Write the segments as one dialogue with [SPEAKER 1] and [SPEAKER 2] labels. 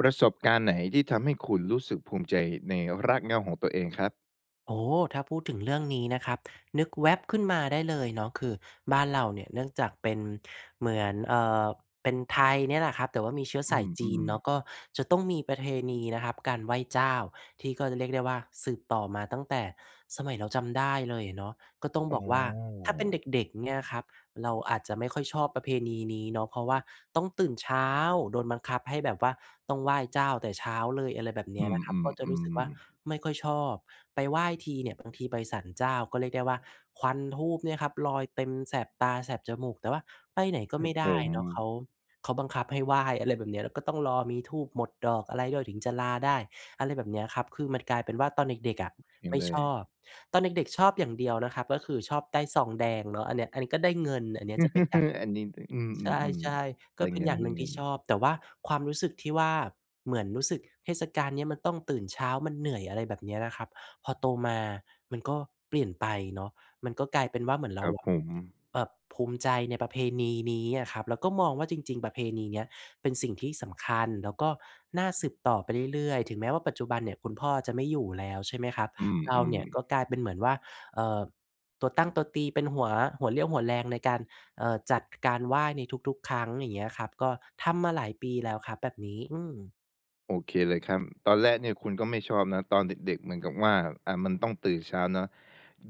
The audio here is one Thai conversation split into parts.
[SPEAKER 1] ประสบการณ์ไหน? ที่ทำให้คุณรู้สึกภูมิใจในรากเหง้าของตัวเองครับ
[SPEAKER 2] โอ้โฮ! ถ้าพูดถึงเรื่องนี้นะครับ นึกแว่บขึ้นมาได้เลยเนาะ คือบ้านเราเนี่ยเนื่องจากเป็นเหมือน เอ่อ เป็นไทยเนี่ยแหละครับ แต่ว่ามีเชื้อ
[SPEAKER 1] อ
[SPEAKER 2] ส
[SPEAKER 1] ื
[SPEAKER 2] ายจีน
[SPEAKER 1] ม
[SPEAKER 2] เน
[SPEAKER 1] ๆ
[SPEAKER 2] าะ ก็จะต้องมีประเพณี นะครับการไหว้เจ้า ที่ก็จะเรียกได้ว่า สืบต่อมาตั้งแต่สมัยเราจำได้เลยอะเนาะ ก็ต้อง
[SPEAKER 1] อ๋
[SPEAKER 2] บอกว่า ถ้าเป็น
[SPEAKER 1] อ
[SPEAKER 2] เด็ก ๆ เงี้ยครับ เราอาจจะไม่ค่อยชอบประเพณีนี้เนาะ เพราะว่าต้องตื่นเช้า โดนบังคับให้แบบว่าต้องไหว้เจ้าแต่เช้าเลย อะไรแบบเน
[SPEAKER 1] อ
[SPEAKER 2] ี้
[SPEAKER 1] ื
[SPEAKER 2] ยนะครับ ก็จะรู้สึก
[SPEAKER 1] ม
[SPEAKER 2] ว่า
[SPEAKER 1] ๆ ๆ
[SPEAKER 2] ไม่ค่อยชอบ ไปไหว้ทีเนี่ย บางทีไปศาลเจ้า ก็เรียกได้ว่า ควันธูปเนี่ยครับลอยเต็มแสบตา แสบจมูก แต่ว่าไปไหนก็
[SPEAKER 1] คร
[SPEAKER 2] ไ
[SPEAKER 1] ั
[SPEAKER 2] ม
[SPEAKER 1] บ
[SPEAKER 2] ่ได
[SPEAKER 1] ผ
[SPEAKER 2] ้
[SPEAKER 1] ม
[SPEAKER 2] เนาะ เขา เขาบังคับให้ไหว้ อะไรแบบเนี้ย แล้วก็ต้องรอมีธูปหมดดอกอะไรด้วย ถึงจะลาได้ อะไรแบบเนี้ยครับ คือมันกลายเป็นว่า ตอนเด็ก ๆ อะ
[SPEAKER 1] เซ็
[SPEAKER 2] ไ
[SPEAKER 1] ง
[SPEAKER 2] ม่
[SPEAKER 1] เล
[SPEAKER 2] ช
[SPEAKER 1] ย
[SPEAKER 2] อบ ตอนเด็ก ๆ ชอบอย่างเดียวนะครับก็คือชอบได้ซองแดงเนาะ อันเนี้ย อันนี้ก็ได้เงิน อันนี้จะเป็นการ
[SPEAKER 1] อันนี้ อ อือ
[SPEAKER 2] ใช่
[SPEAKER 1] ๆ
[SPEAKER 2] ๆ
[SPEAKER 1] ๆ
[SPEAKER 2] ก
[SPEAKER 1] ไ
[SPEAKER 2] ็
[SPEAKER 1] ด้
[SPEAKER 2] เป็
[SPEAKER 1] เ
[SPEAKER 2] น
[SPEAKER 1] ง
[SPEAKER 2] อย่างหนึ่งที
[SPEAKER 1] ิ
[SPEAKER 2] ่
[SPEAKER 1] น
[SPEAKER 2] ช
[SPEAKER 1] ๆ
[SPEAKER 2] อบ แต่ว่าความรู้สึกที่ว่า เหมือนรู้สึกเทศกาลเนี้ยมันต้องตื่นเช้า มันเหนื่อย อะไรแบบเนี้ยนะครับ พอโตมามันก็เปลี่ยนไปเนาะ มันก็กลายเป็นว่า เหมือนเ
[SPEAKER 1] ค
[SPEAKER 2] ร
[SPEAKER 1] ร
[SPEAKER 2] า
[SPEAKER 1] ับ
[SPEAKER 2] อะ
[SPEAKER 1] ผม
[SPEAKER 2] แบบภูมิใจในประเพณีนี้อะครับ แล้วก็มองว่า จริง ๆ ประเพณีเนี้ยเป็นสิ่งที่สำคัญ แล้วก็น่าสืบต่อไปเรื่อย ๆ ถึงแม้ว่า ปัจจุบันเนี่ยคุณพ่อจะไม่อยู่แล้วใช่ไหมครับ
[SPEAKER 1] อื
[SPEAKER 2] เราเน
[SPEAKER 1] ม
[SPEAKER 2] ี่ย
[SPEAKER 1] ๆ
[SPEAKER 2] ก็กลายเป็นเหมือนว่า เอ่อ ตัวตั้งตัวตี เป็นหัว หัวเรี่ยวหัวแรงในการ เอ่อ จัดการไหว้ในทุก ๆ ครั้ง อย่างเงี้ยครับ ก็ทำมาหลายปีแล้วครับ แบบนี้ อืม
[SPEAKER 1] โอเคเลยครับ ตอนแรกเนี่ยคุณก็ไม่ชอบนะ ตอนเด็ก ๆ เหมือนกับว่า อ่า มันต้องตื่นเช้าเนาะ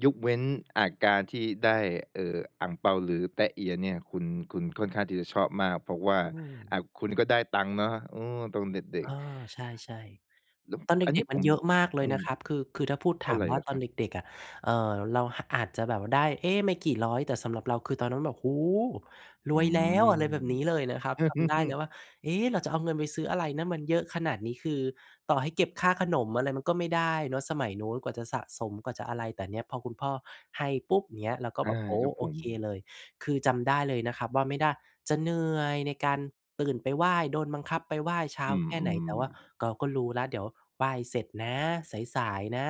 [SPEAKER 1] ยกเว้น อา การที่ได้ เอ่อ อั่งเปา หรือแต๊ะเอียเนี่ย คุณ คุณค่อนข้างที่จะชอบมาก เพราะว่า
[SPEAKER 2] อื
[SPEAKER 1] อ
[SPEAKER 2] ม
[SPEAKER 1] ่า คุณก็ได้ตังค์เนาะ อ๋อ ตอนเด็
[SPEAKER 2] เ
[SPEAKER 1] ก
[SPEAKER 2] อ
[SPEAKER 1] ๆ
[SPEAKER 2] อ ใช่
[SPEAKER 1] แล้ว
[SPEAKER 2] ๆ ตอนเ
[SPEAKER 1] อันเ
[SPEAKER 2] ด
[SPEAKER 1] นี
[SPEAKER 2] ็
[SPEAKER 1] ้
[SPEAKER 2] ก
[SPEAKER 1] ย
[SPEAKER 2] ๆ ม
[SPEAKER 1] ผ
[SPEAKER 2] ัน
[SPEAKER 1] ม
[SPEAKER 2] เยอะมากเล
[SPEAKER 1] อ
[SPEAKER 2] ย
[SPEAKER 1] ื
[SPEAKER 2] นะ
[SPEAKER 1] ม
[SPEAKER 2] ครับ คือ คือถ้าพูด
[SPEAKER 1] เท่
[SPEAKER 2] ถ
[SPEAKER 1] า
[SPEAKER 2] าม
[SPEAKER 1] ไร
[SPEAKER 2] ว
[SPEAKER 1] เ
[SPEAKER 2] ่
[SPEAKER 1] ห
[SPEAKER 2] า
[SPEAKER 1] รอ
[SPEAKER 2] ต
[SPEAKER 1] ค
[SPEAKER 2] อ
[SPEAKER 1] ร
[SPEAKER 2] น
[SPEAKER 1] ับ?
[SPEAKER 2] เด็ก ๆ อะ เอ่อ เรา ห อาจจะแบบได้ เอ๊ะ! ไม่กี่ร้อย แต่สำหรับเรา คือตอนนั้นแบบ "โอ้โฮ! ร
[SPEAKER 1] อื
[SPEAKER 2] วยแล้ว!" อะไรแบบนี้เล
[SPEAKER 1] ม
[SPEAKER 2] ยนะครับ จำได้แล้วว่า "เอ๊ะ! เราจะเอาเงินไปซื้ออะไรนะ มันเยอะขนาดนี้" คือต่อให้เก็บค่าขนมอะไรมันก็ไม่ได้เนาะ สมัยนู้นกว่าจะสะสมกว่าจะอะไร แต่เนี้ยพอคุณพ่อให้ปุ๊บ เงี้ย เราก็
[SPEAKER 1] อ
[SPEAKER 2] แ
[SPEAKER 1] า
[SPEAKER 2] บบ โอ้
[SPEAKER 1] ครับ
[SPEAKER 2] โอ
[SPEAKER 1] ผ
[SPEAKER 2] เค
[SPEAKER 1] ม
[SPEAKER 2] เลย คือจำได้เลยนะครับว่า ไม่ได้ จะเหนื่อยในการตื่นไปไหว้ โดนบังคับไปไหว้เช้า
[SPEAKER 1] อื
[SPEAKER 2] แค่ไหน แต่
[SPEAKER 1] ม
[SPEAKER 2] ว่า
[SPEAKER 1] ๆ
[SPEAKER 2] เกาก็รู้แล้วเดี๋ยวไหว้เสร็จนะ สาย ๆ นะ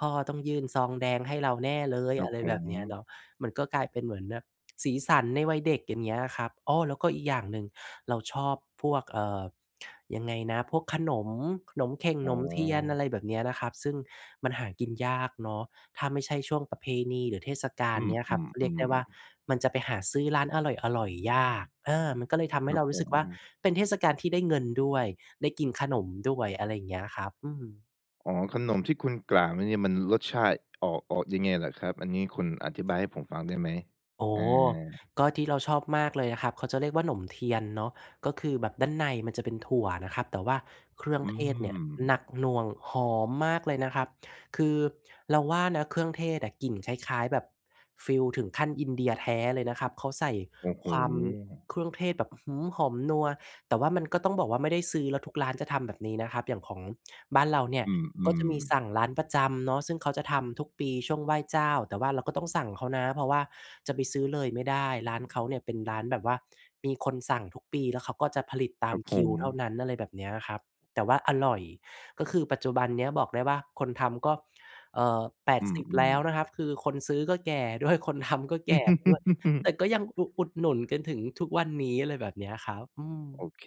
[SPEAKER 2] พ่อต้องยื่นซองแดงให้เราแน่เลย
[SPEAKER 1] ครั
[SPEAKER 2] อะ
[SPEAKER 1] บ
[SPEAKER 2] ไร
[SPEAKER 1] ผ
[SPEAKER 2] แบบ
[SPEAKER 1] ม
[SPEAKER 2] เนี้ยเนาะ มันก็กลายเป็นเหมือนแบบสีสันในวัยเด็ก อย่างเงี้ยครับ อ้อ แล้วก็อีกอย่างหนึ่ง เราชอบพวก เอ่อ ยังไงนะ พวกขนม หนมเข่ง
[SPEAKER 1] อ๋
[SPEAKER 2] หน
[SPEAKER 1] อ
[SPEAKER 2] มเทียน อะไรแบบเนี้ยนะครับ ซึ่งมันหากินยากเนาะ ถ้าไม่ใช่ช่วงประเพณีหรือเทศกา
[SPEAKER 1] อ
[SPEAKER 2] ล
[SPEAKER 1] ื
[SPEAKER 2] เ
[SPEAKER 1] ม
[SPEAKER 2] นี้ยครับ ก็เรียกได้ว่า
[SPEAKER 1] ๆ ๆ
[SPEAKER 2] มันจะไปหาซื้อร้านอร่อย ๆ ยาก เออ มันก็เลยทำใ
[SPEAKER 1] ค
[SPEAKER 2] ห้
[SPEAKER 1] รั
[SPEAKER 2] เร
[SPEAKER 1] บ
[SPEAKER 2] าร
[SPEAKER 1] ผ
[SPEAKER 2] ู้สึกว่า
[SPEAKER 1] ม
[SPEAKER 2] เป็นเทศกาลที่ได้เงินด้วย ได้กินขนมด้วย อะไรอย่างเงี้ยครับ อืม
[SPEAKER 1] อ๋อ ขนมที่คุณกล่าวมาเนี่ยมันรสชาติออก ออกยังไงเหรอครับ? อันนี้คุณอธิบายให้ผมฟังได้ไหม?
[SPEAKER 2] โอ้
[SPEAKER 1] อ
[SPEAKER 2] โฮ!
[SPEAKER 1] า
[SPEAKER 2] ก็ที่เราชอบมากเลยนะครับ เขาจะเรียกว่า หนมเทียนเนาะ ก็คือแบบด้านในมันจะเป็นถั่วนะครับ แต่ว่าเครื่อง
[SPEAKER 1] อื
[SPEAKER 2] เทศเนี่ยหน
[SPEAKER 1] ม
[SPEAKER 2] ักหน่วง หอมมากเลยนะครับ คือเราว่านะเครื่องเทศอะกลิ่นคล้าย ๆ แบบ ฟีลถึงขั้นอินเดียแท้เลยนะครับ เขาใส่
[SPEAKER 1] โอ้โฮ!
[SPEAKER 2] ความเครื่องเทศแบบ อื้อฮือ! หอมนัว แต่ว่ามันก็ต้องบอกว่าไม่ได้ซื้อ แล้วทุกร้านจะทำแบบนี้นะครับ อย่างของบ้านเราเนี่ย
[SPEAKER 1] อื
[SPEAKER 2] ก็จะ
[SPEAKER 1] ม
[SPEAKER 2] มีสั
[SPEAKER 1] ๆ
[SPEAKER 2] ่งร้านประจำเนาะ ซึ่งเขาจะทำทุกปีช่วงไหว้เจ้า แต่ว่าเราก็ต้องสั่งเขานะ เพราะว่าจะไปซื้อเลยไม่ได้ ร้านเขาเนี่ยเป็นร้านแบบว่า มีคนสั่งทุกปี แล้วเขาก็จะผลิตตา
[SPEAKER 1] ค
[SPEAKER 2] ม
[SPEAKER 1] รับ
[SPEAKER 2] ค
[SPEAKER 1] ผ
[SPEAKER 2] ิวเท่า
[SPEAKER 1] ม
[SPEAKER 2] นั้น อะไรแบบเนี้ยครับ แต่ว่าอร่อย ก็คือปัจจุบันเนี้ยบอกได้ว่าคนทำก็ เอ่อ แปด
[SPEAKER 1] อื
[SPEAKER 2] สิบ แล
[SPEAKER 1] ม
[SPEAKER 2] ้ว
[SPEAKER 1] ๆ
[SPEAKER 2] นะครับ คือคนซื้อก็แก่ด้วย คนทำ ก็แก่ด้วย แต่ก็ยังอุ อุดหนุนจนถึงทุกวันนี้ อะไรแบบเนี้ยครับ อื
[SPEAKER 1] โอ
[SPEAKER 2] ม
[SPEAKER 1] เค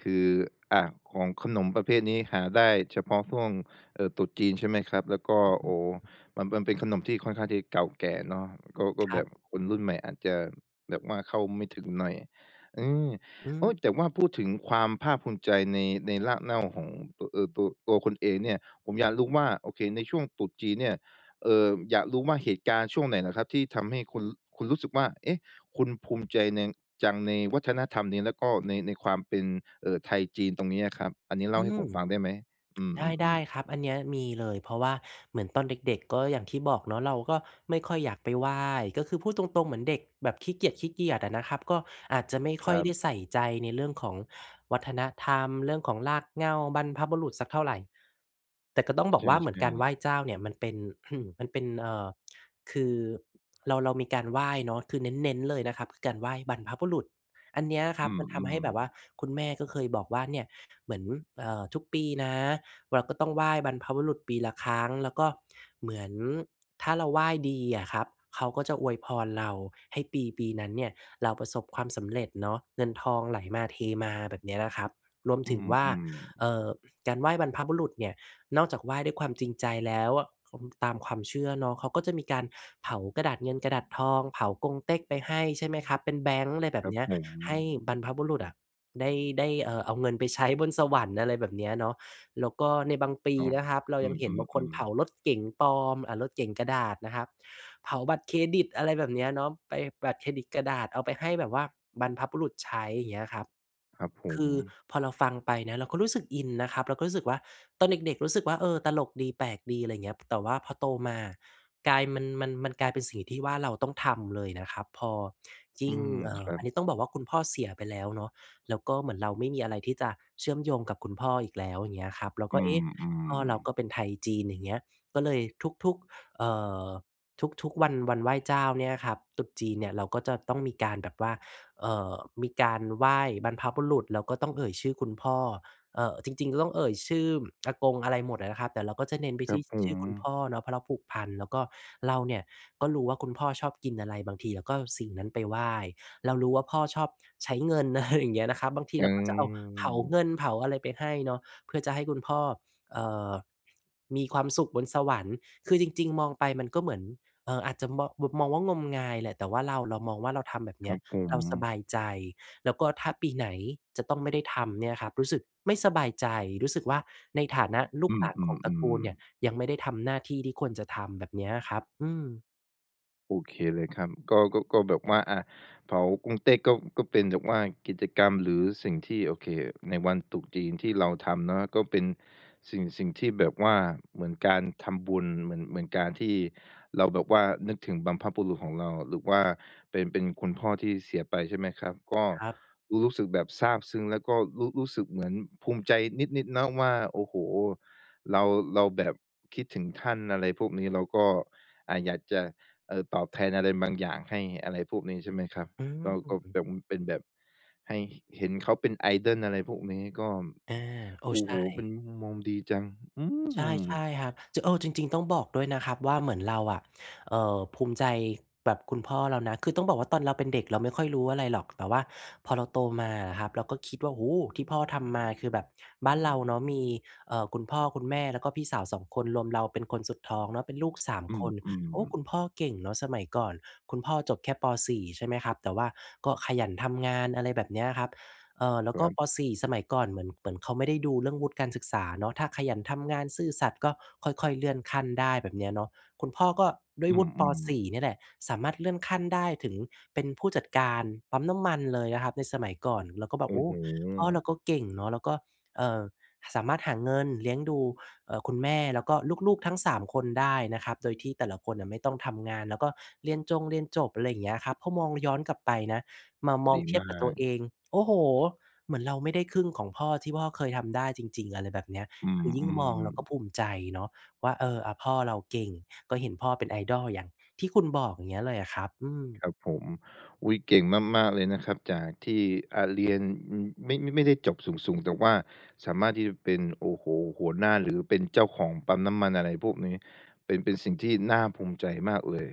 [SPEAKER 1] คือ อา ของ ขนมประเภทนี้หาได้เฉพาะช่วง เอ่อ ตรุษจีน ใช่ไหมครับ แล้วก็ โอ้โฮ! มัน มันเป็นขนมที่ค่อนข้างที่เก่าแก่เนาะ ก็ ก็
[SPEAKER 2] คร
[SPEAKER 1] แ
[SPEAKER 2] ั
[SPEAKER 1] บ
[SPEAKER 2] บ
[SPEAKER 1] บคนรุ่นใหม่อาจจะแบบว่าเข้าไม่ถึงหน่อย อืม
[SPEAKER 2] อื
[SPEAKER 1] โอ
[SPEAKER 2] อ
[SPEAKER 1] ้! แต่ว่าพูดถึงความภาคภูมิใจใน ในรากเน่าของโตะ เออ ตัว ตัวคุณเองเนี่ย ผมอยากรู้ว่า โอเค ในช่วงตรุษจีนเนี่ย เอ่อ อยากรู้ว่าเหตุการณ์ช่วงไหนเหรอครับ ที่ทำให้คุณ คุณรู้สึกว่า เอ๊ะ! คุณภูมิใจนัง จังในวัฒนธรรมนี้ แล้วก็ใน ในความเป็น เอ่อ ไทยจีนตรงเนี้ยครับ อันนี้
[SPEAKER 2] อ
[SPEAKER 1] เล
[SPEAKER 2] ื
[SPEAKER 1] ่าให้ผ
[SPEAKER 2] ม!
[SPEAKER 1] มฟังได้ไหม? อื
[SPEAKER 2] ได
[SPEAKER 1] ม
[SPEAKER 2] ้
[SPEAKER 1] ๆ ๆ
[SPEAKER 2] ๆ ครับ อันเนี้ยมีเลย เพราะว่าเหมือนตอนเด็ก ๆ ก็อย่างที่บอกเนาะ เราก็ไม่ค่อยอยากไปไหว้ ก็คือพูดตรง ๆ เหมือนเด็กแบบขี้เกียจ ๆ อะนะครับ ก็อาจจะไม่
[SPEAKER 1] ค
[SPEAKER 2] ค
[SPEAKER 1] ร
[SPEAKER 2] ่อย
[SPEAKER 1] ับ
[SPEAKER 2] ได้ใส่ใจในเรื่องของวัฒนธรรม เรื่องของรากเหง้าบรรพบุรุษสักเท่าไร แต่ก็ต้องบ
[SPEAKER 1] ใ
[SPEAKER 2] อกว่าเหมื
[SPEAKER 1] ช
[SPEAKER 2] อน
[SPEAKER 1] ่
[SPEAKER 2] การไหว
[SPEAKER 1] ๆ
[SPEAKER 2] ้เจ้าเนี่ยมันเป็น มันเป็น เอ่อ คือเรา เรามีการไหว้เนาะ คือเน้น ๆ เลยนะครับ คือการไหว้บรรพบุรุษ อันเนี้ยค
[SPEAKER 1] อ
[SPEAKER 2] รั
[SPEAKER 1] ื
[SPEAKER 2] บ
[SPEAKER 1] ม
[SPEAKER 2] มันทำให้แบบว่า
[SPEAKER 1] ๆ
[SPEAKER 2] คุณแม่ก็เคยบอกว่า "เนี่ย เหมือน เอ่อ ทุกปีนะ เราก็ต้องไหว้บรรพบุรุษปีละครั้ง" แล้วก็เหมือน ถ้าเราไหว้ดีอะครับ เขาก็จะอวยพรเรา ให้ปีปีนั้นเนี่ยเราประสบความสำเร็จเนาะ เงินทองไหลมาเทมา แบบเนี้ยนะครับ รวม
[SPEAKER 1] อ
[SPEAKER 2] ถึงว่า
[SPEAKER 1] ือ ๆ
[SPEAKER 2] เอ่อ การไหว้บรรพบุรุษเนี่ย นอกจากไหว้ด้วยความจริงใจแล้วอะ คม ตามความเชื่อเนาะ เขาก็จะมีการเผากระดาษเงินกระดาษทอง เผากงเต๊กไปให้ ใช่ไหมครับ เป็นแบงก์ ไรแบ
[SPEAKER 1] คร
[SPEAKER 2] บ
[SPEAKER 1] ั
[SPEAKER 2] เ
[SPEAKER 1] บ
[SPEAKER 2] นี้ย
[SPEAKER 1] ผ
[SPEAKER 2] ให้
[SPEAKER 1] ม
[SPEAKER 2] บรรพบุรุษอะ ได้ ได้ เอ่อ เอาเงินไปใช้บนสวรรค์ อะไรแบบเนี้ยเนาะ แล้วก็ในบางปี
[SPEAKER 1] อ๋อ
[SPEAKER 2] นะครับ เรา
[SPEAKER 1] อื
[SPEAKER 2] ยังเห็นบางคน
[SPEAKER 1] อ
[SPEAKER 2] เผ
[SPEAKER 1] ๆ
[SPEAKER 2] า
[SPEAKER 1] ๆ
[SPEAKER 2] รถเก๋งปลอม อา รถเก๋งกระดาษนะครับ เผาบัตรเครดิต อะไรแบบเนี้ยเนาะ ไป บัตรเครดิตกระดาษ เอาไปให้แบบว่าบรรพบุรุษใช้ เงี้ยครับ
[SPEAKER 1] ครับผ
[SPEAKER 2] คือ
[SPEAKER 1] ม
[SPEAKER 2] พอเราฟังไปนะเราก็รู้สึกอินนะครับ เราก็รู้สึกว่าตอนเด็ก ๆ รู้สึกว่า เออ ตลกดี แปลกดี อะไรเงี้ย แต่ว่าพอโตมา กลาย มัน มัน มันกลายเป็นสิ่งที่ว่าเราต้องทำเลยนะครับ พอย
[SPEAKER 1] อื
[SPEAKER 2] ิ่ง
[SPEAKER 1] ม
[SPEAKER 2] เอ่
[SPEAKER 1] ค
[SPEAKER 2] อ
[SPEAKER 1] รั
[SPEAKER 2] อั
[SPEAKER 1] บ
[SPEAKER 2] นนี้ต้องบอกว่าคุณพ่อเสียไปแล้วเนาะ แล้วก็เหมือนเราไม่มีอะไรที่จะเชื่อมโยงกับคุณพ่ออีกแล้ว อย่างเงี้ยครับ เรา
[SPEAKER 1] อ
[SPEAKER 2] ก
[SPEAKER 1] ื
[SPEAKER 2] ็ เอ๊ะ! พ่อเร
[SPEAKER 1] ม
[SPEAKER 2] าก็
[SPEAKER 1] ๆ
[SPEAKER 2] เป็นไทยจีน อย่างเงี้ย ก็เลยทุก ๆ เอ่อ ทุก ๆ วัน วันไหว้เจ้าเนี่ยครับ ตรุษจีนเนี่ย เราก็จะต้องมีการแบบว่า เอ่อ มีการไหว้บรรพบุรุษ แล้วก็ต้องเอ่ยชื่อคุณพ่อ เอ่อ จริง ๆ ก็ต้องเอ่ยชื่ออากง อะไรหมดอะนะครับ แต่เราก็จะเน้นไป
[SPEAKER 1] คร
[SPEAKER 2] ท
[SPEAKER 1] ั
[SPEAKER 2] ี
[SPEAKER 1] บ
[SPEAKER 2] ่
[SPEAKER 1] ผ
[SPEAKER 2] ชื่อคุณพ
[SPEAKER 1] ม
[SPEAKER 2] ่อเนาะ เพราะเราผูกพัน แล้วก็เราเนี่ยก็รู้ว่าคุณพ่อชอบกินอะไร บางทีเราก็สิ่งนั้นไปไหว้ เรารู้ว่าพ่อชอบใช้เงิน อะไรอย่างเงี้ย นะครับ บางที
[SPEAKER 1] อื
[SPEAKER 2] เราก็จะเอา เผาเ
[SPEAKER 1] ม
[SPEAKER 2] งินเผาอะไรไปให้เนาะ เพื่อจะให้คุณพ่อ เอ่อ มีความสุขบนสวรรค์ คือจริง ๆ มองไปมันก็เหมือน เอ่อ อาจจะมอง แบบ มองว่างมงายแหละ แต่ว่าเรา เรามองว่า เราทำแบบเ
[SPEAKER 1] ค
[SPEAKER 2] นี
[SPEAKER 1] ร
[SPEAKER 2] ้
[SPEAKER 1] ั
[SPEAKER 2] ย
[SPEAKER 1] บผ
[SPEAKER 2] เราส
[SPEAKER 1] ม
[SPEAKER 2] บายใจ แล้วก็ถ้าปีไหนจะต้องไม่ได้ทำเนี่ยนะครับ รู้สึกไม่สบายใจ รู้สึกว่า ในฐานะลู
[SPEAKER 1] อื
[SPEAKER 2] กหลานของตระกู
[SPEAKER 1] ม
[SPEAKER 2] ลเนี
[SPEAKER 1] ๆ
[SPEAKER 2] ่
[SPEAKER 1] ๆ
[SPEAKER 2] ย ยังไม่ได้ทำหน้าที่ที่ควรจะทำแบบเนี้ยครับ อืม
[SPEAKER 1] โอเคเลยครับ ก็ ก็ ก็แบบว่า อะ เผากงเต๊กก็ ก็เป็นแบบว่ากิจกรรมหรือสิ่งที่ โอเค ในวันตรุษจีนที่เราทำเนาะ ก็เป็นสิ่ง สิ่งที่แบบว่าเหมือนการทำบุญ เหมือน เหมือนการที่เราแบบว่านึกถึงบรรพบุรุษของเรา หรือว่าเป็น เป็นคุณพ่อที่เสียไปใช่ไหมครับ ก็
[SPEAKER 2] ครับ
[SPEAKER 1] รู้ รู้สึกแบบซาบซึ้ง แล้วก็รู้ รู้สึกเหมือนภูมิใจนิด ๆ นะว่า โอ้โฮ! เรา เราแบบคิดถึงท่าน อะไรพวกนี้ แล้วก็ อ่า อยากจะ เอ่อ ตอบแทนอะไรบางอย่างให้ อะไรพวกนี้ใช่ไหมครับ
[SPEAKER 2] อื
[SPEAKER 1] เราก็เ
[SPEAKER 2] ม
[SPEAKER 1] ป๋อุ้ม เป็นแบบให้ ห เห็นเขาเป็น idol อะไรพวกนี้ ก็ ม
[SPEAKER 2] อา โอ้
[SPEAKER 1] โอ้
[SPEAKER 2] ใช
[SPEAKER 1] โฮ เป็
[SPEAKER 2] ่
[SPEAKER 1] นมุมมองดีจัง อื
[SPEAKER 2] ใช่
[SPEAKER 1] ม!
[SPEAKER 2] ใช่ครับ จ เออ จริง ๆ ต้องบอกด้วยนะครับว่า เหมือนเราอะ เอ่อ ภูมิใจแบบคุณพ่อเรานะ คือต้องบอกว่า ตอนเราเป็นเด็กเราไม่ค่อยรู้อะไรหรอก แต่ว่าพอเราโตมาอะครับ เราก็คิดว่า โอ้โฮ! ที่พ่อทำมาคือแบบ บ้านเราเนาะมี เอ่อ คุณพ่อคุณแม่ แล้วก็พี่สาว 2 คน รวมเราเป็นคนสุดท้องเนาะ เป็นลูก 3
[SPEAKER 1] อื
[SPEAKER 2] คน
[SPEAKER 1] ม
[SPEAKER 2] โอ้! ค
[SPEAKER 1] ๆ
[SPEAKER 2] ุณพ่อเก่งเนาะสมัยก่อน คุณพ่อจบแค่ ป. 4 ใช่ไหมครับ แต่ว่าก็ขยันทำงาน อะไรแบบเนี้ยครับ เออ แล้วก็
[SPEAKER 1] ครับ
[SPEAKER 2] ป. 4 สมัยก่อนเหมือน เหมือนเขาไม่ได้ดูเรื่องวุฒิการศึกษาเนาะ ถ้าขยันทำงาน ซื่อสัตย์ ก็ค่อย ๆ เลื่อนขั้นได้ แบบเนี้ยเนาะ คุณพ่อก็ด้
[SPEAKER 1] อ
[SPEAKER 2] ว
[SPEAKER 1] ื
[SPEAKER 2] ยวุฒิ ป.
[SPEAKER 1] ม
[SPEAKER 2] ส
[SPEAKER 1] ๆ
[SPEAKER 2] ี่ เนี่ยแหละ สามารถเลื่อนขั้นได้ถึงเป็นผู้จัดการปั๊มน้ำมันเลยนะครับในสมัยก่อน เราก็แบ
[SPEAKER 1] โ
[SPEAKER 2] บ
[SPEAKER 1] อ
[SPEAKER 2] โอ
[SPEAKER 1] ้
[SPEAKER 2] ้!
[SPEAKER 1] โ
[SPEAKER 2] พ่อ
[SPEAKER 1] ฮ!
[SPEAKER 2] เราก็เก่งเนาะ แล้วก็ เอ่อ สามารถหาเงินเลี้ยงดู เอ่อ คุณแม่แล้วก็ลูก ๆ ทั้ง 3 คนได้นะครับ โดยที่แต่ละคนน่ะไม่ต้องทำงาน แล้วก็เรียนจงเรียนจบ อะไรอย่างเงี้ยครับ เพราะมองย้อนกลับไปนะ มามอ
[SPEAKER 1] ดี
[SPEAKER 2] งเที
[SPEAKER 1] ม
[SPEAKER 2] ยบ
[SPEAKER 1] า
[SPEAKER 2] กับตัว
[SPEAKER 1] ก
[SPEAKER 2] เอง โอ้โฮ! เหมือนเราไม่ได้ครึ่งของพ่อที่พ่อเคยทำได้จริง ๆ อะไรแบบเนี้ย
[SPEAKER 1] อื
[SPEAKER 2] คือยิ่งม
[SPEAKER 1] ม
[SPEAKER 2] องเราก็
[SPEAKER 1] ๆ
[SPEAKER 2] ภูมิใจเนาะว่า เออ อา พ่อเราเก่ง ก็เห็นพ่อเป็น idol อย่างที่คุณบอก อย่างเงี้ยเลยอะครับ อืม
[SPEAKER 1] ครับผม อุ๊ย! เก่งมาก ๆ เลยนะครับ จากที่ อะ เรียน อืม ไม่ ไม่ได้จบสูง ๆ แต่ว่าสามารถที่จะเป็น โอ้โฮ! หัวหน้า หรือเป็นเจ้าของปั๊มน้ำมัน อะไรพวกนี้ เป็น เป็นสิ่งที่น่าภูมิใจมากเลย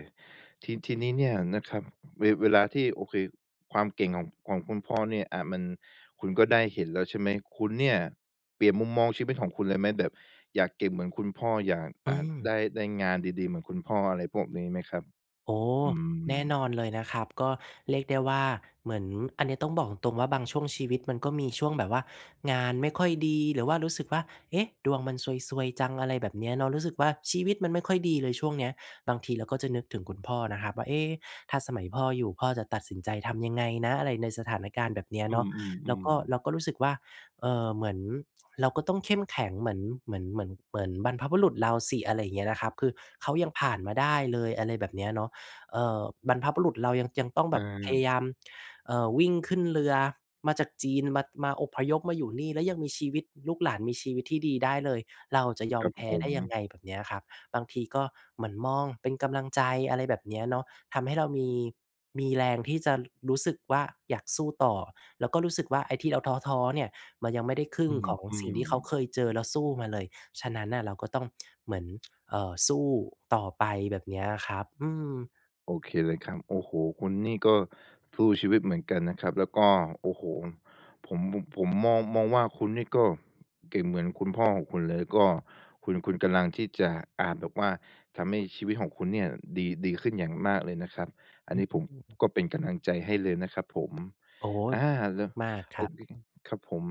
[SPEAKER 1] ที ทีนี้เนี่ยนะครับ เว เวลาที่ โอเค ความเก่งของ ของคุณพ่อเนี่ย อ่า มัน คุณก็ได้เห็นแล้วใช่ไหม คุณ เนี่ย เปลี่ยนมุมมองชีวิตของคุณเลยไหม? แบบอยากเก่งเหมือนคุณพ่อ อยาก
[SPEAKER 2] อ
[SPEAKER 1] อ
[SPEAKER 2] ื
[SPEAKER 1] ่า ได
[SPEAKER 2] ม
[SPEAKER 1] ้ ได้งานดี ๆ เหมือนคุณพ่อ อะไรพวกนี้ไหมครับ?
[SPEAKER 2] โอ้!
[SPEAKER 1] อื
[SPEAKER 2] แน
[SPEAKER 1] ม
[SPEAKER 2] ่นอนเลยนะครับ ก็เรียกได้ว่า เหมือน อันเนี้ยต้องบอกตรง ๆ ว่า บางช่วงชีวิตมันก็มีช่วงแบบว่างานไม่ค่อยดี หรือว่ารู้สึกว่า "เอ๊ะ! ดวงมันซวย ๆ จัง" อะไรแบบเนี้ยเนาะ รู้สึกว่า ชีวิตมันไม่ค่อยดีเลย ช่วงเนี้ย บางทีเราก็จะนึกถึงคุณพ่อนะครับว่า "เอ๊ ถ้าสมัยพ่ออยู่ พ่อจะตัดสินใจทำยังไงนะ?" อะไร ในสถานการณ์แบบเนี้ย
[SPEAKER 1] อื
[SPEAKER 2] เนาะ แล้ว
[SPEAKER 1] ม
[SPEAKER 2] ก็ เรา
[SPEAKER 1] ๆ ๆ
[SPEAKER 2] ก็รู้สึกว่า เอ่อ เหมือนเราก็ต้องเข้มแข็งเหมือน เหมือน เหมือน เหมือนบรรพบุรุษเราสิ อะไรเงี้ยนะครับ คือเขายังผ่านมาได้เลย อะไรแบบเนี้ยเนาะ เอ่อ บรรพบุรุษเรายัง ยังต้อง
[SPEAKER 1] อ
[SPEAKER 2] แบบพย
[SPEAKER 1] า
[SPEAKER 2] ายาม เอ่อ วิ่งขึ้นเรือมาจากจีน มั่ด มา อพยพมาอยู่นี่ แล้วยังมีชีวิต ลูกหลานมีชีวิตที่ดีได้เลย เราจะยอ
[SPEAKER 1] ค
[SPEAKER 2] ม
[SPEAKER 1] รับ
[SPEAKER 2] แพ้
[SPEAKER 1] ผ
[SPEAKER 2] ได้ยัง
[SPEAKER 1] ม
[SPEAKER 2] ไง แบบเนี้ยครับ บางทีก็เหมือนมองเป็นกำลังใจ อะไรแบบเนี้ยเนาะ ทำให้เรามี มีแรงที่จะรู้สึกว่า อยากสู้ต่อ แล้วก็รู้สึกว่า ไอ้ที่เราท้อ ๆ เนี่ยมันยังไม่ได้ครึ
[SPEAKER 1] อ
[SPEAKER 2] ่
[SPEAKER 1] ื
[SPEAKER 2] งของสิ่งท
[SPEAKER 1] ม
[SPEAKER 2] ี่เขาเ
[SPEAKER 1] ๆ
[SPEAKER 2] คยเจอแล้วสู้มาเลย ฉะนั้นน่ะ เราก็ต้อง เหมือน เอ่อ สู้ต่อไป แบบเนี้ยครับ อืม
[SPEAKER 1] โอเคเลยครับ โอ้โฮ! คุณนี่ก็ทู่ชีวิตเหมือนกันนะครับ แล้วก็ โอ้โฮ้! ผมมุ่บ ผมมอง มองว่า คุณนี่ก็เก่งเหมือนคุณพ่อของคุณเลย ก็ คุณ คุณกำลังที่จะ อ่า แบบว่าทำให้ชีวิตของคุณเนี่ยดี ดีขึ้นอย่างมากเลยนะครับ อั
[SPEAKER 2] อ
[SPEAKER 1] นนี้ผม
[SPEAKER 2] ืม
[SPEAKER 1] ก็เป็นกำลังใจให้เลยนะครับผม
[SPEAKER 2] โอ้โฮ้!
[SPEAKER 1] อา
[SPEAKER 2] ขอบ
[SPEAKER 1] แ
[SPEAKER 2] ค
[SPEAKER 1] ล
[SPEAKER 2] ุณ
[SPEAKER 1] ้ว
[SPEAKER 2] มาก ๆ ค
[SPEAKER 1] โอ
[SPEAKER 2] รั
[SPEAKER 1] เค
[SPEAKER 2] บ
[SPEAKER 1] ครับผม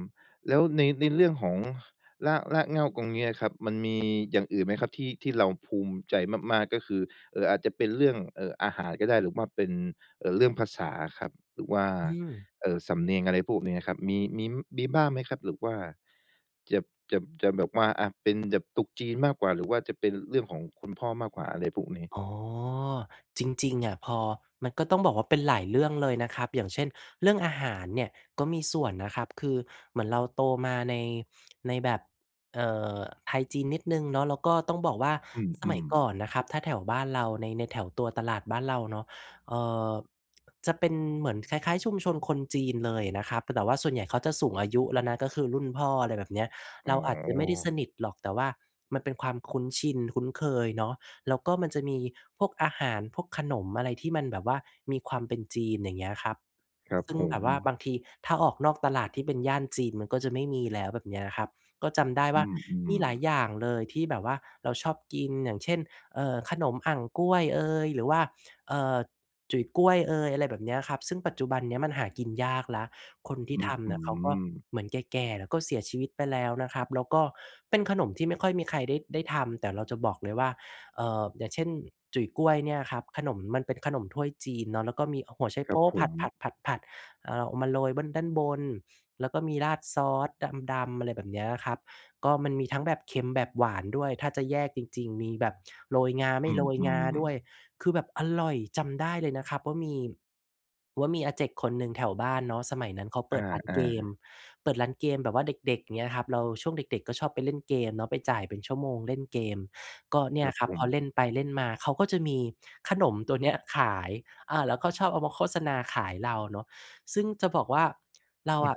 [SPEAKER 1] แล้วใน ในเรื่องของราก รากเหง้าตรง เนี้ยครับมันมีอย่างอื่นไหมครับ? ที่ ที่เราภูมิใจมาก ๆ ก็คือ เอ่อ อาจจะเป็นเรื่อง เอ่อ อาหารก็ได้ หรือว่าเป็น เอ่อ เรื่องภาษาอะครับ หรือว่า
[SPEAKER 2] อืม
[SPEAKER 1] เอ่อ สำเนียง อะไรพวกเนี้ยครับ มี มี้ม มีบ้างไหมครับ? หรือว่าจับ จับ จะแบบว่า อา เป็นแบบตรุษจีน มากกว่า หรือว่าจะเป็นเรื่องของคุณพ่อมากกว่า อะไรพวกนี้
[SPEAKER 2] อ๋อ จริง ๆ อะพอ มันก็ต้องบอกว่า เป็นหลายเรื่องเลยนะครับ อย่างเช่น เรื่องอาหารเนี่ยก็มีส่วนนะครับ คือเหมือนเราโตมาใน ในแบบ เอ่อ ไทยจีนนิดหนึ่งเนาะ แล้วก็ต้องบอกว่า
[SPEAKER 1] อ
[SPEAKER 2] ส
[SPEAKER 1] ื
[SPEAKER 2] มัย
[SPEAKER 1] ม
[SPEAKER 2] ก
[SPEAKER 1] ๆ
[SPEAKER 2] ่อนนะครับ ถ้าแถวบ้านเรา ใน ในแถวตัวตลาดบ้านเราเนาะ เอ่อ จะเป็นเหมือนคล้าย ๆ ชุมชนคนจีนเลยนะครับ แต่ว่าส่วนใหญ่เขาจะสูงอายุแล้วนะ ก็คือรุ่นพ่อ อะไรแบบเนี้ย
[SPEAKER 1] อ
[SPEAKER 2] เ
[SPEAKER 1] ๋
[SPEAKER 2] ราอาจจะไม่ได้ส
[SPEAKER 1] อ
[SPEAKER 2] นิทหรอก แต่ว่ามันเป็นความคุ้นชิน คุ้นเคยเนาะ แล้วก็มันจะมีพวกอาหาร พวกขนมอะไรที่มันแบบว่ามีความเป็นจีน อย่างเงี้ยครับ
[SPEAKER 1] ครับ
[SPEAKER 2] ซึ่
[SPEAKER 1] ผ
[SPEAKER 2] งแบบว่า
[SPEAKER 1] ม
[SPEAKER 2] บางทีถ้าออกนอกตลาดที่เป็นย่านจีนมันก็จะไม่มีแล้ว แบบเนี้ยครับ ก็จำได้
[SPEAKER 1] อ
[SPEAKER 2] ว่
[SPEAKER 1] ื
[SPEAKER 2] า มี
[SPEAKER 1] ม
[SPEAKER 2] หลาย
[SPEAKER 1] ๆ
[SPEAKER 2] อย่างเลยที่แบบว่าเราชอบกิน อย่างเช่น เอ่อ ขนมอั่งก้วยเอย หรือว่า เอ่อ จุ๋ยก้วยเอย อะไรแบบเนี้ยครับ ซึ่งปัจจุบันเนี้ยมันหากินยากแล้ว คนท
[SPEAKER 1] อ
[SPEAKER 2] ี่
[SPEAKER 1] ื้
[SPEAKER 2] ท
[SPEAKER 1] อฮ
[SPEAKER 2] ำเ
[SPEAKER 1] ื
[SPEAKER 2] นี่ยเขาก็
[SPEAKER 1] อ
[SPEAKER 2] เหมือนแก่ ๆ แล้วก็เสียชีวิตไปแล้วนะครับ แล้วก็เป็นขนมที่ไม่ค่อยมีใครได้ ได้ทำ แต่เราจะบอกเลยว่า เอ่อ อย่างเช่น จุ๋ยก้วยเนี่ยครับ ขนม มันเป็นขนมถ้วยจีนเนาะ แล้วก็มีหัวไช
[SPEAKER 1] ค
[SPEAKER 2] โ
[SPEAKER 1] ร
[SPEAKER 2] ป
[SPEAKER 1] ับ
[SPEAKER 2] ๊
[SPEAKER 1] ผ
[SPEAKER 2] ผ
[SPEAKER 1] ม
[SPEAKER 2] ัด ๆ ๆ ๆ เอ่อ เอามาโรยเบิ้น ด้านบน แล้วก็มีราดซอสดำ ๆ อะไรแบบเนี้ยครับ ก็มันมีทั้งแบบเค็ม แบบหวานด้วย ถ้าจะแยกจริง ๆ มีแบบโรยงา ไม
[SPEAKER 1] อ
[SPEAKER 2] ่
[SPEAKER 1] ื
[SPEAKER 2] โรยงา
[SPEAKER 1] ม
[SPEAKER 2] ด้ว
[SPEAKER 1] ๆ
[SPEAKER 2] ย คือแบบอร่อย จำได้เลยนะครับว่ามี ว่ามีอาเจ็กคนหนึ่งแถวบ้านเนาะ สมัยนั้นเขาเป
[SPEAKER 1] อ
[SPEAKER 2] ิดร้าน
[SPEAKER 1] า
[SPEAKER 2] เกม
[SPEAKER 1] ๆ
[SPEAKER 2] เปิดร้านเกมแบบว่าเด็ก ๆ เงี้ยครับ เรา ช่วงเด็ก ๆ ก็ชอบไปเล่นเกมเนาะ ไปจ่ายเป็นชั่วโมงเล่นเกม ก็เน
[SPEAKER 1] ค
[SPEAKER 2] ี่
[SPEAKER 1] ร
[SPEAKER 2] ย
[SPEAKER 1] ับ
[SPEAKER 2] ครั
[SPEAKER 1] ผ
[SPEAKER 2] บ พอเล
[SPEAKER 1] ม
[SPEAKER 2] ่นไปเล่นมา เขาก็จะมีขนมตัวเนี้ยขาย อา แล้วก็ชอบเอามาโฆษณาขายเราเนาะ ซึ่งจะบอกว่า เราอะ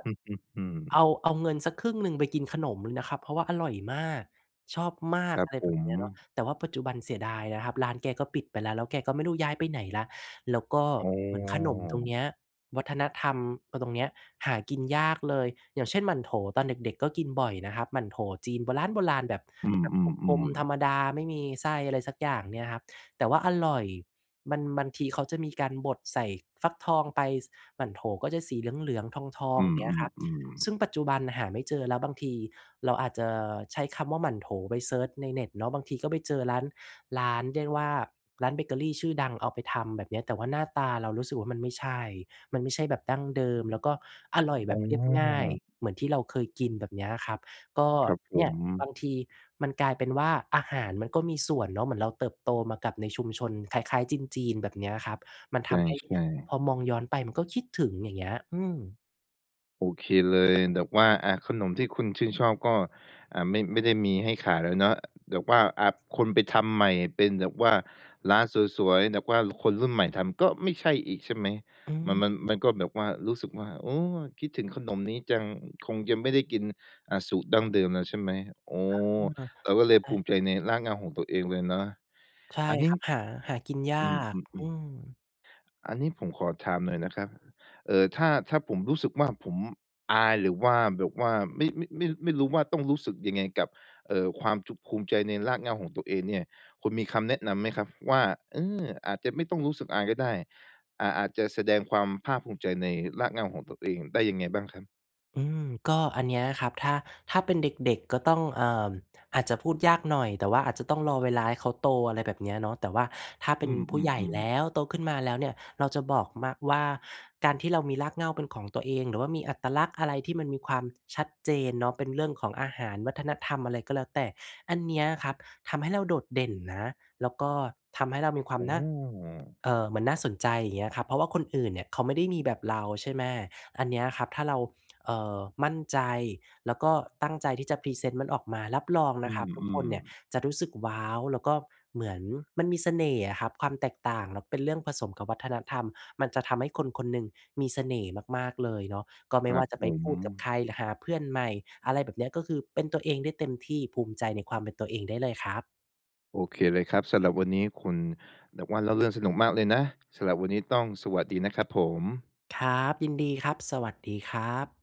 [SPEAKER 2] เอา เอาเงินสักครึ่งหนึ่งไปกินขนมเลยนะครับ เพราะว่าอร่อยมาก ชอบมา
[SPEAKER 1] ค
[SPEAKER 2] ก
[SPEAKER 1] รั
[SPEAKER 2] อ
[SPEAKER 1] บ
[SPEAKER 2] ะไร
[SPEAKER 1] ผ
[SPEAKER 2] แบบ
[SPEAKER 1] ม
[SPEAKER 2] เนี้ยเนาะ แต่ว่าปัจจุบันเสียดายนะครับ ร้านแกก็ปิดไปแล้ว แล้วแกก็ไม่รู้ย้ายไปไหนแล้ว แล้วก็
[SPEAKER 1] อ๋อ
[SPEAKER 2] เหมือนขนมตรงเนี้ย วัฒนธรรม พ ตรงเนี้ย หากินยากเลย อย่างเช่น หมั่นโถว ตอนเด็ก ๆ ก็กินบ่อยนะครับ หมั่นโถวจีนโบร้าณโบราณแบบ
[SPEAKER 1] อื
[SPEAKER 2] แบบกล
[SPEAKER 1] อ
[SPEAKER 2] ม ๆ ธ
[SPEAKER 1] ๆ
[SPEAKER 2] ร
[SPEAKER 1] ๆ
[SPEAKER 2] รมดา ไม่มีไส้อะไรสักอย่างเนี่ยครับ แต่ว่าอร่อย มัน บางที เขาจะมีการบดใส่ฟักทองไป ส หมั่นโถวก็จะสีเหลือง ๆ ทอ
[SPEAKER 1] อ
[SPEAKER 2] ง
[SPEAKER 1] ื
[SPEAKER 2] ๆ เงี้ยครับ
[SPEAKER 1] อ
[SPEAKER 2] ซ
[SPEAKER 1] ๆ
[SPEAKER 2] ึ่ง
[SPEAKER 1] ๆ
[SPEAKER 2] ปัจจุบันหาไม่เจอ แล้วบางทีเราอาจจะใช้คำว่า "หมั่นโถว" ไปเซิร์ชในเน็ตเนาะ บางทีก็ไปเจอร้าน ร้าน เรียกว่า ร้านเบเกอรีชื่อดังเอาไปทำ แบบเนี้ย แต่ว่าหน้าตาเรารู้สึกว่า มันไม่ใช่ มันไม่ใช่แบบดั้งเดิม แล้วก็อร่อยแบ
[SPEAKER 1] อ๋
[SPEAKER 2] บเรียบง่าย
[SPEAKER 1] อ!
[SPEAKER 2] เหมือนที่เราเคยกิน แบบเนี้ยครับ ก็
[SPEAKER 1] ครับผ
[SPEAKER 2] เนี่ย
[SPEAKER 1] ม
[SPEAKER 2] บางทีมันกลายเป็นว่า อาหารมันก็มีส่วนเนาะ เหมือนเราเติบโตมากับในชุมชนคล้าย ๆ จีน ๆ แบบเนี้ยครับ มัน
[SPEAKER 1] ใ
[SPEAKER 2] ท
[SPEAKER 1] ช
[SPEAKER 2] ำให้
[SPEAKER 1] ่
[SPEAKER 2] พ
[SPEAKER 1] ๆ
[SPEAKER 2] อมองย้อนไปมันก็คิดถึง อย่างเงี้ย อืม
[SPEAKER 1] โอเคเลย แบบว่า อา ขนมที่คุณชื่นชอบก็ อา ไม่ ไม่ได้มีให้ขายแล้วเนาะ แบบว่า อา คนไปทำใหม่เป็นแบบว่า ร้านสวย ๆ แบบว่าคนรุ่นใหม่ทำก็ไม่ใช่อีกใช่ไหม?
[SPEAKER 2] อื
[SPEAKER 1] ม
[SPEAKER 2] ม
[SPEAKER 1] ัน-มัน มันก็แบบว่ารู้สึกว่า โอ้! คิดถึงขนมนี้จัง คงจะไม่ได้กิน อา สูตรดั้งเดิมแล้วใช่ไหม? อ๋อ
[SPEAKER 2] อา
[SPEAKER 1] เราก็
[SPEAKER 2] ใ
[SPEAKER 1] เ
[SPEAKER 2] ช
[SPEAKER 1] ลยภูมิใจ
[SPEAKER 2] ่
[SPEAKER 1] ในรากเหง้าของตัวเองเลยเนาะ
[SPEAKER 2] ใช่
[SPEAKER 1] อันนี
[SPEAKER 2] ค
[SPEAKER 1] ้
[SPEAKER 2] รับ หา หากินยา
[SPEAKER 1] อื
[SPEAKER 2] ก อื
[SPEAKER 1] อ ๆ ๆ
[SPEAKER 2] ม
[SPEAKER 1] อันนี้ผมขอถามหน่อยนะครับ เออ ถ้า ถ้าผมรู้สึกว่า ผมอาย หรือว่าแบบว่า ไม่ ไม่ ไม่ ไม่รู้ว่าต้องรู้สึกยังไงกับ เอ่อ ความจุบ ภูมิใจในรากเหง้าของตัวเองเนี่ย คุณมีคำแนะนำไหมครับว่า เออ อาจจะไม่ต้องรู้สึกอายก็ได้ อา อาจจะแสดงความภาคภูมิใจในรากเหง้าของตัว เองได้ยังไงบ้างครับ?
[SPEAKER 2] อืม ก็อันเนี้ยครับ ถ้า ถ้าเป็นเด็ก ๆ ก็ต้อง เอ่อ อาจจะพูดยากหน่อย แต่ว่าอาจจะต้องรอเวลาให้เขาโต อะไรแบบเนี้ยเนาะ แต่ว่าถ้าเป
[SPEAKER 1] อื
[SPEAKER 2] ็นผู้ใหญ่
[SPEAKER 1] ม
[SPEAKER 2] แล
[SPEAKER 1] ๆ ๆ
[SPEAKER 2] ้ว โตขึ้นมาแล้วเนี่ย เราจะบอกมักว่า การที่เรามีรากเหง้าเป็นของตัวเอง หรือว่ามีอัตลักษณ์อะไรที่มันมีความชัดเจนเนาะ เป็นเรื่องของอาหาร วัฒนธรรม อะไรก็แล้วแต่ อันเนี้ยครับทำให้เราโดดเด่นนะ แล้วก็ทำให้เรามีควา
[SPEAKER 1] อ
[SPEAKER 2] ม
[SPEAKER 1] ๋
[SPEAKER 2] น่า
[SPEAKER 1] อ
[SPEAKER 2] เอ่อ เหมือนน่าสนใจ เงี้ยครับ เพราะว่าคนอื่นเนี่ยเขาไม่ได้มีแบบเรา ใช่ไหม อันเนี้ยครับถ้าเรา เอ่อ มั่นใจ แล้วก็ตั้งใจที่จะพรีเซนต์มันออกมา รับรอง
[SPEAKER 1] อ
[SPEAKER 2] น
[SPEAKER 1] ื
[SPEAKER 2] ะครับทุกคน
[SPEAKER 1] ม
[SPEAKER 2] เนี่ย
[SPEAKER 1] ๆ
[SPEAKER 2] จะรู้สึกว้าว แล้วก็เหมือน มันมีเสน่ห์อะครับ ความแตกต่างแล้วเป็นเรื่องผสมกับวัฒนธรรม มันจะทำให้คนคนหนึ่งมีเสน่ห์มาก ๆ เลยเนาะ ก็ไ
[SPEAKER 1] ค
[SPEAKER 2] ม่
[SPEAKER 1] ร
[SPEAKER 2] ว
[SPEAKER 1] ั
[SPEAKER 2] ่า
[SPEAKER 1] บ
[SPEAKER 2] จะไ
[SPEAKER 1] ผ
[SPEAKER 2] ปพูดกับ
[SPEAKER 1] ม
[SPEAKER 2] ใคร หรือหาเพื่อนใหม่ อะไรแบบเนี้ย ก็คือเป็นตัวเองได้เต็มที่ ภูมิใจในความเป็นตัวเองได้เลยครับ
[SPEAKER 1] โอเคเลยครับ สำหรับวันนี้คุณ แบบว่าเล่า เรื่องสนุกมากเลยนะ สำหรับวันนี้ต้องสวัสดีนะ ครับผม
[SPEAKER 2] ครับ ยินดีครับ สวัสดีครับ